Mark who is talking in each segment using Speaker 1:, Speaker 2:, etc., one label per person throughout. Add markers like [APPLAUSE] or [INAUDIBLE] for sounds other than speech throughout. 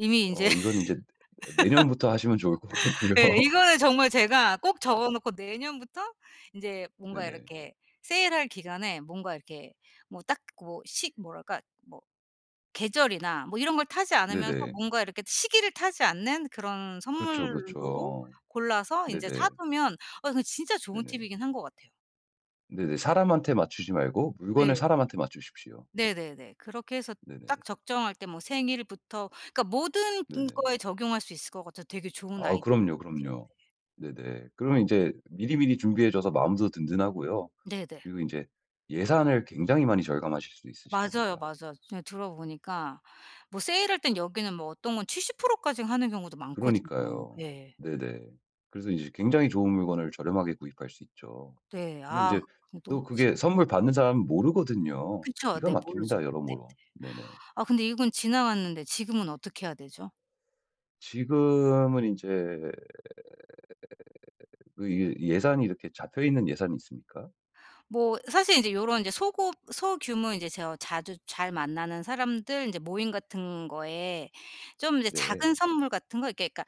Speaker 1: 이미 인제
Speaker 2: 어 이거는 인제 내년부터 하시면 좋을 것 같고요.
Speaker 1: [LAUGHS] 예 이거는 정말 제가 꼭
Speaker 2: [UNINTELLIGIBLE]
Speaker 1: 적어 놓고 내년부터 인제 뭔가
Speaker 2: 네네.
Speaker 1: 이렇게 세일할 기간에 뭔가 이렇게 뭐 딱 뭐 시 뭐랄까 뭐 계절이나 뭐 이런 걸 타지 않으면서
Speaker 2: 네네.
Speaker 1: 뭔가 이렇게 시기를 타지 않는 그런
Speaker 2: 그렇죠,
Speaker 1: 선물로
Speaker 2: 그렇죠.
Speaker 1: 골라서 인제
Speaker 2: 네네.
Speaker 1: 사두면 어 그 진짜 좋은
Speaker 2: 네네.
Speaker 1: 팁이긴 한 것 같아요.
Speaker 2: 네네. 사람한테 맞추지 말고 물건을
Speaker 1: 예.
Speaker 2: 사람한테 맞추십시오.
Speaker 1: 네 네네. 그렇게 해서
Speaker 2: 네네네.
Speaker 1: 딱 적정할 때 뭐 생일부터 그니까 모든
Speaker 2: 네네.
Speaker 1: 거에 적용할 수 있을 것 같아서 되게 좋은
Speaker 2: 아
Speaker 1: 아이디어인
Speaker 2: 그럼요,
Speaker 1: 것 같아요. 네.
Speaker 2: 그럼요. 네네. 그러면
Speaker 1: 아.
Speaker 2: 인제 미리미리 준비해줘서 마음도 든든하고요.
Speaker 1: 네네.
Speaker 2: 그리고 인제 예산을 굉장히 많이 절감하실 수 있으실
Speaker 1: 맞아요,
Speaker 2: 겁니다.
Speaker 1: 맞아요. 제가 들어보니까 뭐 세일할 땐 여기는 뭐 어떤 건 70% 까지 하는 경우도 많거든요.
Speaker 2: 그러니까요.
Speaker 1: 예.
Speaker 2: 네네. 그래서 인제 굉장히 좋은 물건을 저렴하게 구입할 수 있죠.
Speaker 1: 네.
Speaker 2: 근데
Speaker 1: 아
Speaker 2: 인제
Speaker 1: 근데 또
Speaker 2: 또 그게
Speaker 1: 진
Speaker 2: 선물 받는 사람은 모르거든요.
Speaker 1: 그쵸.
Speaker 2: 기가
Speaker 1: 네. 모르죠.
Speaker 2: 막힙니다
Speaker 1: 네네.
Speaker 2: 여러모로. 네네.
Speaker 1: 아 근데 이건 지나갔는데 지금은 어떻게 해야 되죠?
Speaker 2: 지금은 인제 그 이 예산이 이렇게 잡혀있는 예산이 있습니까?
Speaker 1: 뭐 사실 인제 요런 인제 소고 소규모 인제 제가 자주 잘 만나는 사람들 인제 모임 같은 거에 좀 이제 작은
Speaker 2: 네.
Speaker 1: 선물 같은 거 이렇게 그러니까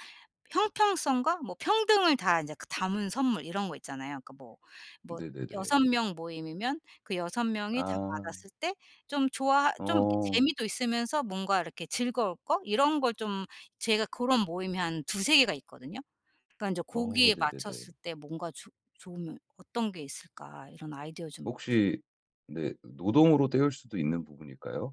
Speaker 1: 형평성과 뭐 평등을 다 이제 그 담은 선물 이런 거 있잖아요. 그러니까 뭐, 뭐 6
Speaker 2: 네네네.
Speaker 1: 명 모임이면 그 6 명이 다
Speaker 2: 아.
Speaker 1: 받았을 때 좀 좋아 좀 이렇게
Speaker 2: 어.
Speaker 1: 재미도 있으면서 뭔가 이렇게 즐거울 거 이런 걸 좀 제가 고런 모임이 한 2-3 개가 있거든요. 그러니까 인제
Speaker 2: 어
Speaker 1: 고기에
Speaker 2: 네네네.
Speaker 1: 맞췄을 때 뭔가 좋 좋으면 어떤 게 있을까 이런 아이디어 좀 얻고 싶고
Speaker 2: 혹시 네 노동으로 때울 수도 있는 부분일까요?